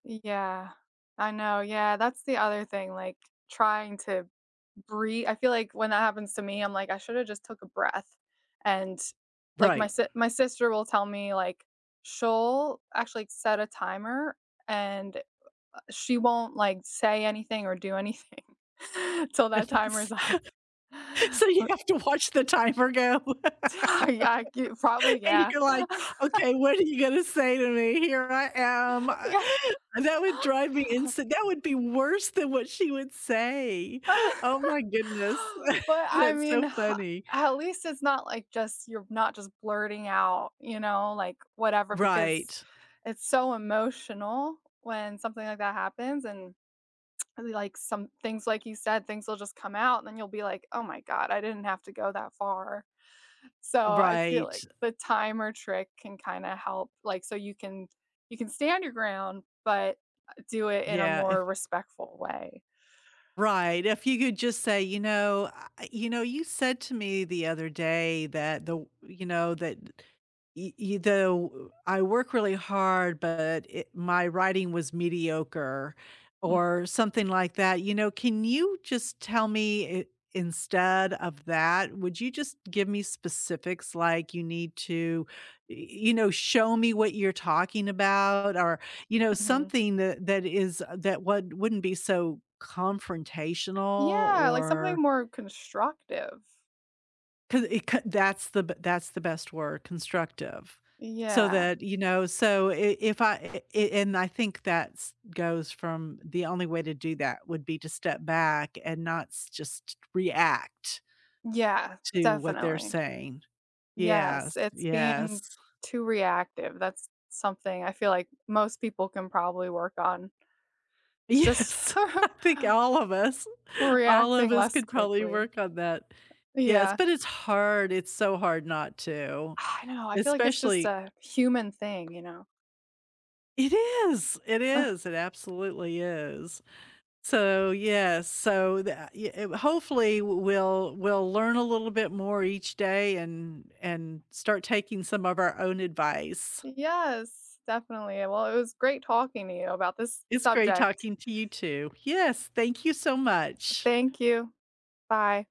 Yeah, I know, yeah, that's the other thing, like trying to brea I feel like when that happens to me, I'm like I shoulda just took a breath and, like, my Right. s my sister will tell me, like, she'll actually set a timer and she won't like say anything or do anything till that timer That's is off. So you Bu have to watch the timer go. Yeah, I g probably, And yeah. you're like, "Okay, what are you gonna say to me? Here I am." Yeah. That would drive me ins That would be worse than what she would say. Oh my goodness, But I that's mean, so h funny. at least it's not like just you're not just blurting out, you know, like, whatever, because Right. it's so emotional when something like that happens and, like, some things like you said, things will just come out and then you'll be like, “Oh my god, I didn't have to go that far.” So I feel Right. like the timer trick can kinda help, like, so you can you can stand your ground, but, uh do it in a Yeah, if more respectful way. Right, if you could just say, you know, I you know, you said to me the other day that the w you know, that y y the I work really hard, but it my writing was mediocre Mm. or something like that, you know, can you just tell me, i instead of that, would you just give me specifics like you need to, y you know, show me what you're talking about or, you know, Mhm. something that that is that wou wouldn't be so confrontational Yeah, like something or more constructive. Co it, c that's the b that's the best word, constructive, so Yeah. that, you know, so i if I and I think that's goes from the only way to do that would be to step back and not st just react Yeah, to what they're definitely. saying. Yes, Yes, it's yes. being too reactive. That's something I feel like most people can probably work on. It's just Yes, I think all of us, We're all of reacting us less could probably quickly. work on that. Yes, Yeah. but it's hard, it's so hard not to, I know, I feel like it's just especially a human thing, you know. It is, it is, it absolutely is. So, yeah, so tha i w hopefully, we'll we'll learn a little bit more each day and and start taking some of our own advice. Yes, definitely. Well, it was great talking to you about this It's great subject. talking to you too. Yes, thank you so much. Thank you. Bye.